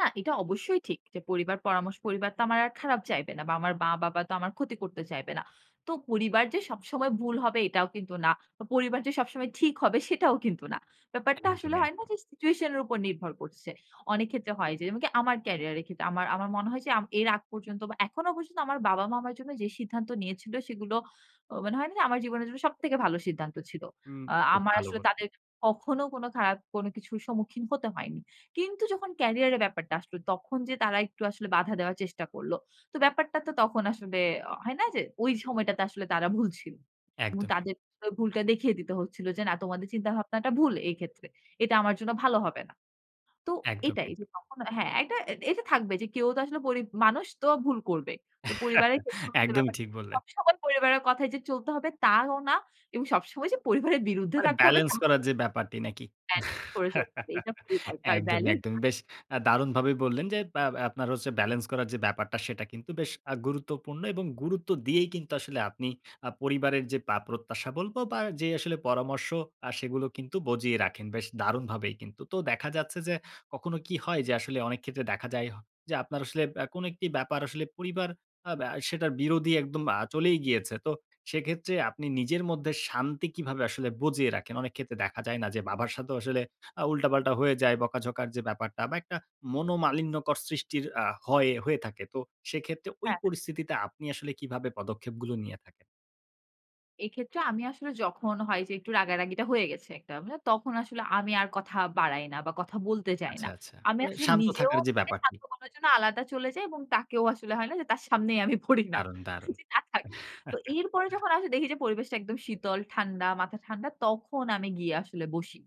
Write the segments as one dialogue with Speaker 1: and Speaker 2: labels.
Speaker 1: না, এটা অবশ্যই ঠিক। যে পরিবার পরামর্শ পরিবার তো আমার আর খারাপ চাইবে না। বা আমার মা-বাবা তো আমার ক্ষতি করতে চাইবে না। তো পরিবার যে সবসময় ভুল হবে এটাও কিন্তু না। পরিবার যে সবসময় ঠিক হবে সেটাও কিন্তু না। ব্যাপারটা আসলে
Speaker 2: একদম,
Speaker 1: হয় না
Speaker 2: একদম।
Speaker 1: যে সিচুয়েশন এর উপর নির্ভর করছে। অনেক ক্ষেত্রে হয় যে যেমনকি আমার ক্যারিয়ার এর ক্ষেত্রে আমার আমার মনে হয় যে আম এর আগ পর্যন্ত বা এখনো পর্যন্ত আমার বাবা-মা আমার জন্য যে সিদ্ধান্ত নিয়েছিল, সেগুলো মনে হয় না যে আমার জীবনের জন্য সব থেকে ভালো সিদ্ধান্ত ছিল।
Speaker 2: হু,
Speaker 1: আ
Speaker 2: বেশ
Speaker 1: আমার
Speaker 2: ভালো
Speaker 1: আসলে
Speaker 2: বললেন।
Speaker 1: তাদের কখনো কোনো খারাপ কোনো কিছুর সম্মুখীন হতে হয়নি। কিন্তু যখন ক্যারিয়ার এ ব্যাপারটা আসলো তখন যে তারা একটু আসলে বাধা দেওয়ার চেষ্টা করল। তো ব্যাপারটা তো তখন আসলে হয় না যে ওই সময়টাতে আসলে তারা ভুল ছিল। এবং
Speaker 2: একদমই।
Speaker 1: তাদের [unintelligible] ভুলটা দেখিয়ে দিতে হচ্ছিল, যে না তোমাদের চিন্তাভাবনাটা ভুল এই ক্ষেত্রে। এটা আমার জন্য ভালো হবে না। তো এটাই
Speaker 2: একদমই।
Speaker 1: [unintelligible] হ্যাঁ, এটা এটা থাকবে যে কেউ তো আসলে পরি মানুষ তো ভুল করবে। তো পরিবারের ক্ষেত্রে হচ্ছে
Speaker 2: একদমই
Speaker 1: ব্যাপারটা।
Speaker 2: ঠিক বললেন।
Speaker 1: সবসময় পরিবারের কথায় যে চলতে হবে তাও না এবং সবসময় যে পরিবারের বিরুদ্ধে
Speaker 2: মানে
Speaker 1: থাকতে হবে
Speaker 2: ব্যালেন্স করার
Speaker 1: তাও
Speaker 2: যে ব্যাপারটি। নাকি?
Speaker 1: ব্যালেন্স করে চলতে হবে। এটা খুবই দরকার।
Speaker 2: একদমই,
Speaker 1: ব্যালেন্স
Speaker 2: একদমই। বেশ আ দারুণভাবে বললেন, যে ব্য আপনার হচ্ছে ব্যালেন্স করার যে ব্যাপারটা সেটা কিন্তু বেশ আ গুরুত্বপূর্ণ। এবং গুরুত্ব দিয়েই কিন্তু আসলে আপনি আ পরিবারের যে বা প্রত্যাশা বলব বা যে আসলে পরামর্শ আ সেগুলো কিন্তু বজিয়ে রাখেন। বেশ দারুণভাবেই কিন্তু। তো দেখা যাচ্ছে যে, কখনো কি হয় যে আসলে অনেক ক্ষেত্রে দেখা যায় হ যে আপনার আসলে আ কোনো একটি ব্যাপার আসলে পরিবার অ্যা ব্য সেটার বিরোধী একদম আ চলেই গিয়েছে। তো সেক্ষেত্রে আপনি নিজের মধ্যে শান্তি কিভাবে আসলে বজিয়ে রাখেন? অনেক ক্ষেত্রে দেখা যায় না যে বাবার সাথেও আসলে আ উল্টা-পাল্টা হয়ে যায়, বকা-ঝকার যে ব্যাপারটা বা একটা মনোমালিন্যকর সৃষ্টির আ হয় হয়ে থাকে। তো সেক্ষেত্রে ঐ
Speaker 1: হ্যাঁ।
Speaker 2: পরিস্থিতিতে আপনি আসলে কীভাবে পদক্ষেপগুলো নিয়ে থাকেন?
Speaker 1: এক্ষেত্রে আমি আসলে যখন হয় যে, একটু রাগা-রাগিটা হয়ে গেছে একটা, তখন আসলে আমি আর কথা বাড়াই না বা কথা বলতে চাই না।
Speaker 2: আচ্ছা, আচ্ছা।
Speaker 1: আমি
Speaker 2: মানে
Speaker 1: আসলে
Speaker 2: শান্ত
Speaker 1: নিজেও
Speaker 2: থাকার যে
Speaker 1: নিজেকে
Speaker 2: ব্যাপারটি।
Speaker 1: শান্ত করার জন্য আলাদা চলে যাই। এবং তাকেও আসলে হয় না যে তার সামনেই আমি পড়ি না।
Speaker 2: দারুন, দারুণ।
Speaker 1: যে না থাক। তো এরপরে যখন আসলে দেখি যে পরিবেশটা একদম শীতল, ঠান্ডা মাথা ঠান্ডা তখন আমি গিয়ে আসলে বসি।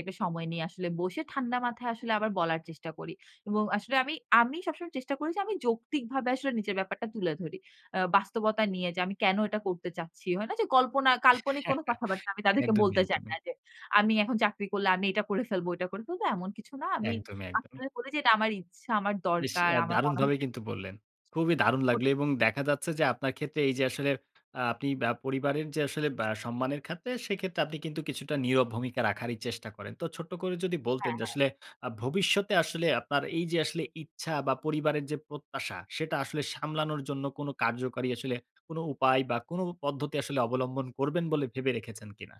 Speaker 1: একটা সময় নিয়ে আসলে বসে ঠান্ডা মাথায় আসলে আবার বলার চেষ্টা করি। এবং আসলে আমি আমি সবসময় চেষ্টা করি যে আমি যৌক্তিকভাবে আসলে নিজের ব্যাপারটা তুলে ধরি। অ্যা বাস্তবতা নিয়ে যে আমি কেনো এটা করতে চাচ্ছি। হয় না যে কল্পনা কাল্পনিক কোনো কথাবার্তা। আমি তাদেরকে
Speaker 2: একদমই,
Speaker 1: বলতে চাই না,
Speaker 2: একদমই।
Speaker 1: যে আমি এখন চাকরি করলে আমি এটা করে ফেলবো, ওইটা করে ফেলব। এমন কিছু না। আমি
Speaker 2: একদমই,
Speaker 1: শান্ত
Speaker 2: একদমই।
Speaker 1: হয়ে বলি যে এটা আমার ইচ্ছা আমার
Speaker 2: বেশ
Speaker 1: দরকার,
Speaker 2: আ
Speaker 1: আমার মনে হয়
Speaker 2: দারুণভাবে
Speaker 1: যে
Speaker 2: কিন্তু বললেন। খুবই দারুণ
Speaker 1: ক
Speaker 2: লাগলো এবং দেখা যাচ্ছে যে আপনার ক্ষেত্রে এই যে আসলে আ আপনি ব্য পরিবারের যে আসলে ব্য সম্মানের খাতে, সেক্ষেত্রে আপনি কিন্তু কিছুটা নীরব ভূমিকা রাখারই চেষ্টা করেন। তো ছোট্ট করে যদি বলতেন
Speaker 1: হ্যাঁ,
Speaker 2: যে
Speaker 1: হ্যাঁ।
Speaker 2: আসলে আ ভবিষ্যতে আসলে আপনার এই যে আসলে ইচ্ছা বা পরিবারের যে প্রত্যাশা। সেটা আসলে সামলানোর জন্য কোনো কার্যকরী আসলে কোনো উপায় বা কোনো পদ্ধতি আসলে অবলম্বন করবেন বলে ভেবে রেখেছেন কিনা?